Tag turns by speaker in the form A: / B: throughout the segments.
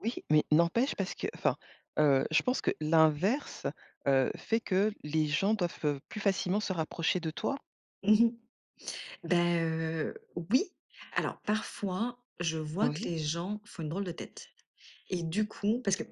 A: Oui, mais n'empêche, parce qu'enfin, heu, je pense que l'inverse, heu, fait que les gens doivent, heu, plus facilement se rapprocher de toi.
B: Mmh mh. Bah heu, oui, alors parfois, je vois que
A: Oui.
B: les gens font une drôle de tête, et du coup parce qu'en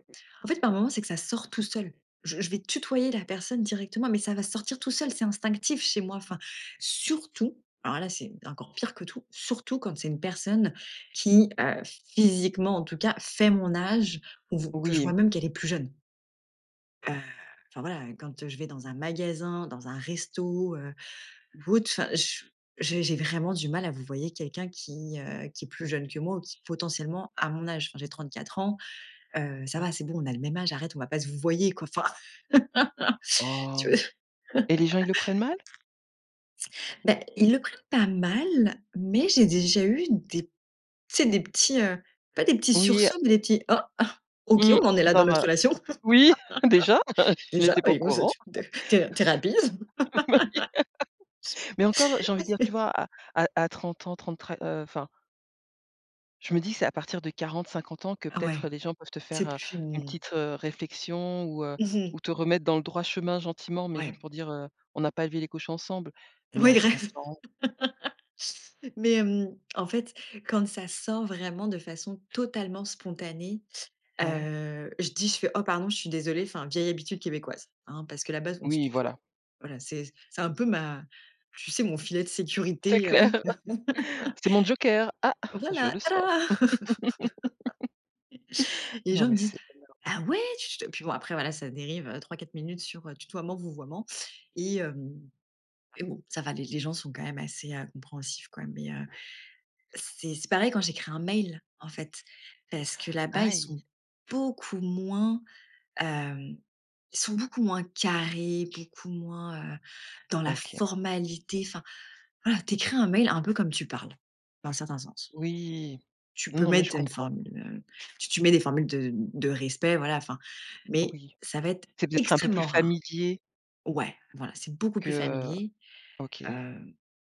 B: fait, par moment, c'est que ça sort tout seul. Je je vais tutoyer la personne directement, mais ça va sortir tout seul, c'est instinctif chez moi, enfin, surtout, alors là c'est encore pire que tout, surtout quand c'est une personne qui, heu, physiquement en tout cas, fait mon âge ou v que je vois
A: Oui.
B: même qu'elle est plus jeune. Heu, enfin voilà, quand, heu, je vais dans un magasin, dans un resto, heu, ou autre enfin je j'ai j'ai vraiment du mal à vouvoyer quelqu'un qui, heu, qui est plus jeune que moi, ou qui potentiellement à mon âge. Enfin j'ai 34 ans, heu, ça va, c'est
A: [unintelligible]
B: bon on a le même âge, arrête, on va pas se vouvoyer quoi enfin. Tu veux.
A: Oh, et les gens, ils le prennent mal?
B: Bah, ils le prennent pas mal, mais j'ai déjà eu des tu sais des petits, heu, pas des petits
A: Oui, heu
B: sursauts, mais des petits: «oh? Ah OK,
A: mmh,
B: on en est là dans
A: genre,
B: notre
A: heu,
B: relation.
A: oui, déjà? Je
B: Déjà?
A: n'étais pas
B: Bah
A: au
B: dis donc ça
A: courant.
B: tu tu es tu es, heu, tu es rapide.»
A: Bah oui. Mais encore, heu, j'ai envie de dire, tu vois? À à à 30 ans, 30 très, heu, enfin je me dis que c'est à partir de 40-50 ans que peut-être
B: Ouais.
A: les gens peuvent te
B: C'est
A: faire, heu,
B: plus
A: une
B: n
A: petite, heu, réflexion ou heu,
B: Mmh mh.
A: ou te remettre dans le droit chemin gentiment, mais juste
B: Ouais.
A: pour dire, heu: «on n'a pas élevé les cochons ensemble», mais à
B: Oui,
A: 30
B: rêve.
A: ans.
B: Mais hem, en fait, quand ça sort vraiment de façon totalement spontanée,
A: Oui.
B: heu, je dis je fais: «oh pardon, je suis désolée, enfin vieille habitude québécoise, hein, parce que là-bas on se
A: Oui,
B: tutoie».
A: voilà.
B: Voilà, c'est c'est un peu ma tu sais, mon filet de
A: C'est
B: sécurité, heu,
A: clair. C'est mon joker. Ah! Je
B: voilà,
A: le sors.
B: tada. Les gens,
A: Non,
B: ils me
A: mais
B: disent:
A: c'est énorme.
B: «ah ouais, tu tu» puis bon, après voilà, ça dérive, heu, 3-4 minutes sur, heu, tutoiement-vouvoiement, et heu, et bon, ça va, les les gens sont quand même assez, heu, compréhensifs, quoi, mais heu, c'est c'est pareil quand j'écris un mail, en fait, parce que là-bas, ils
A: Aïe.
B: sont beaucoup moins, hem, ils sont beaucoup moins carrés, beaucoup moins, heu, dans la
A: OK.
B: formalité, enfin, voilà, tu écris un mail un peu comme tu parles, dans un certain sens.
A: Oui,
B: Tu
A: non,
B: peux
A: non, mais je
B: mettre une
A: comprends.
B: formule, heu, tu tu mets les formules de de respect, voilà, enfin, mais
A: Oui,
B: ça va être
A: c'est peut-être un peu plus
B: extrêmement rare.
A: familier
B: Ouais, voilà, c'est beaucoup
A: que,
B: plus
A: heu,
B: familier,
A: OK.
B: heu,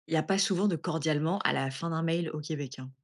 B: il y a pas souvent de «cordialement» à la fin d'un mail au Québec, hein.